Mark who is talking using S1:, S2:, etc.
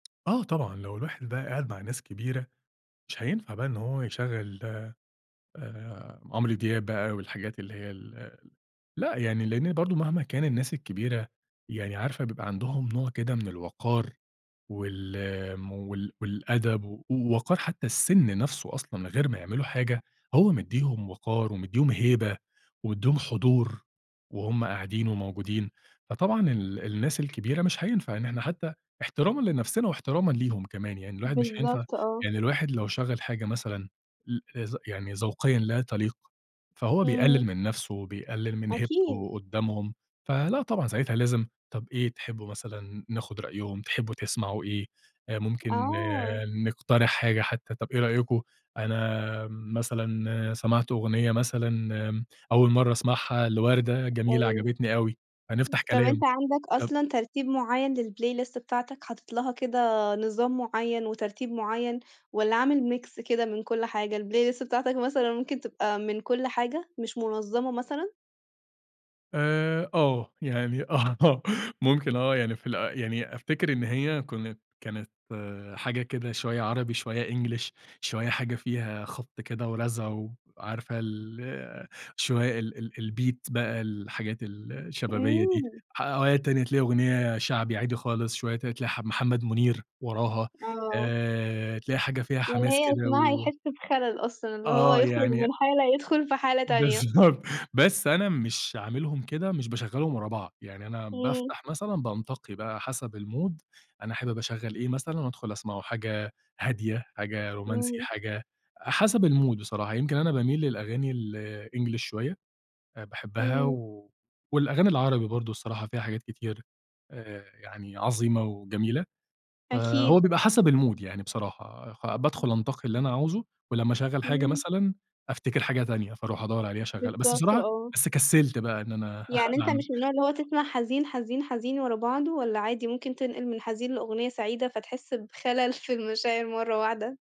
S1: آه طبعًا، لو الواحد بقى قاعد مع ناس كبيرة مش هينفع بقى إن هو يشغَّل آآ، عمرو دياب بقى والحاجات اللي هي ال لأ، يعني لأن برضو مهما كان الناس الكبيرة يعني عارفة بيبقى عندهم نوع كده من الوقار، وال وال والأدب و وقار حتى السِنّ نَفسه أصلًا من غير ما يعملوا حاجة هو مديهم وقار ومديهم هيبة ومديهم حضور وهُم قاعدين وموجودين، فطبعًا ال الناس الكبيرة مش هينفع إن إحنا حتى احترامًا لنَفسنا واحترامًا ليهم كمان يعني الواحد مش هينفع
S2: بالضبط آه.
S1: يعني الواحد لو شغّل حاجة مثلًا ل ذ يعني ذوقيًا لا تليق فهو بيقلل
S2: إمم.
S1: من نَفسه، وبيقلل من
S2: أكيد.
S1: هيبته قدّامهم، فلأ طبعًا ساعتها لازم طَب إيه تحبوا مثلًا ناخد رأيهم، تحبوا تسمعوا إيه؟ آآ، ممكن
S2: آه.
S1: نقترح حاجة حتى طَب إيه رأيكم أنا مثلًا سمعت أغنية مثلًا أول مَرّة أسمعها لوردة جميلة
S2: أيوه.
S1: عجبتني أوي، فنفتح
S2: [unintelligible] طَب
S1: كلام
S2: أنت عندك
S1: طَب
S2: أصلًا ترتيب معيّن للplaylist بتاعتك، حاطط لها كده نظام معيّن وترتيب معيّن، والّا عامل mix كده من كُلّ حاجة؟ الplaylist بتاعتك مثلًا ممكن تبقى من كُلّ حاجة، مش منظمة مثلًا؟
S1: آآ آه، يعني آه ممكن آه، يعني في ال يعني أفتكر إن هي كنت كانت حاجة كده شوية عربي، شوية English، شوية حاجة فيها خبط كده ورزع، وعارفة ال شوية ال ال الbeat بقى الحاجات ال الشبابية دي،
S2: إمم.
S1: أوقات تاني تلاقي أغنية شعبي عادي خالص، شوية ت تلاقي ح محمد منير وراها،
S2: آه.
S1: آآ، تلاقي حاجة فيها
S2: يعني
S1: حماس
S2: هي اللي
S1: كده
S2: يسمعها
S1: و
S2: يحس بخلل أصلًا اللي هو
S1: آه
S2: يخرج
S1: يعني
S2: من حالة يدخل في حالة تانية.
S1: بالضبط، بس أنا مش عاملهم كده، مش باشغّلهم ورا بعض، يعني أنا
S2: إمم.
S1: بافتح مثلًا بانتقي بقى حسب الmood، أنا حابب اشغّل إيه مثلًا، وادخل أسمعه، حاجة هادية، حاجة رومانسي،
S2: إمم.
S1: حاجة حسب الmood بصراحة، يمكن أنا باميل للأغاني الEnglish شوية آآ، باحبها،
S2: إمم.
S1: والأغاني العربي برضو الصراحة فيها حاجات كتير آآ، يعني عظيمة وجميلة، فهو
S2: أكيد.
S1: بيبقى حسب الmood يعني بصراحة، خ بادخل أنتقي اللي أنا عاوزه، ولمّا أشغّل حاجة
S2: إمم.
S1: مثلًا أفتكر حاجة تانية فأروح أدّور عليها أشغّلها، بس
S2: بالضبط
S1: بصراحة
S2: آه.
S1: بس كسلت بقى إن أنا
S2: يعني أنت
S1: أعم
S2: مش من النوع اللي هو تسمع حزين، حزين، حزين، ورا بعضه، والّا عادي ممكن تنقل من حزين لأغنية سعيدة فتحس بخلل في المشاعر مرة واحدة؟